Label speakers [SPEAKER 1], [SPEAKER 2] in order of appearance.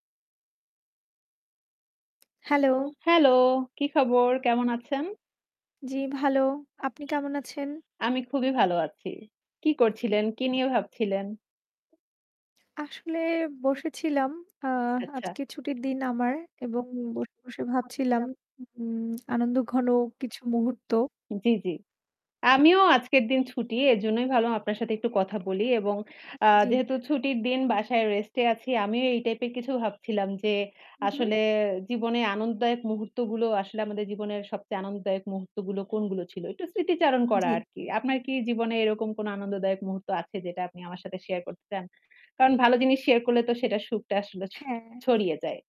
[SPEAKER 1] Hello!
[SPEAKER 2] Hello! কি খবর? কেমন আছেন?
[SPEAKER 1] জ্বি, ভালো। আপনি কেমন আছেন?
[SPEAKER 2] আমি খুবই ভালো আছি। কি করছিলেন? কি নিয়ে ভাবছিলেন?
[SPEAKER 1] আসলে বসেছিলাম। আ
[SPEAKER 2] আচ্ছা।
[SPEAKER 1] আজকে ছুটির দিন আমার এবং বসে, বসে ভাবছিলাম উম আনন্দঘন কিছু মুহূর্ত।
[SPEAKER 2] জি, জি। আমিও আজকের দিন ছুটি। এজন্যই ভাবলাম আপনার সাথে একটু কথা বলি। এবং আ
[SPEAKER 1] জ্বী।
[SPEAKER 2] যেহেতু ছুটির দিন বাসায় রেস্টে আছি। আমিও এই টাইপের কিছু ভাবছিলাম যে,
[SPEAKER 1] হু, হু
[SPEAKER 2] আসলে জীবনে আনন্দদায়ক মুহূর্তগুলো আসলে আমাদের জীবনের সবচেয়ে আনন্দদায়ক মুহূর্তগুলো কোনগুলো ছিল। একটু স্মৃতিচারণ করা
[SPEAKER 1] জ্বী।
[SPEAKER 2] আরকি। আপনার কি জীবনে এরকম কোন আনন্দদায়ক মুহূর্ত আছে? যেটা আপনি আমার সাথে শেয়ার করতে চান? কারণ ভালো জিনিস শেয়ার করলে তো সেটার সুখটা আসলে ছ
[SPEAKER 1] হ্যাঁ।
[SPEAKER 2] ছড়িয়ে যায়।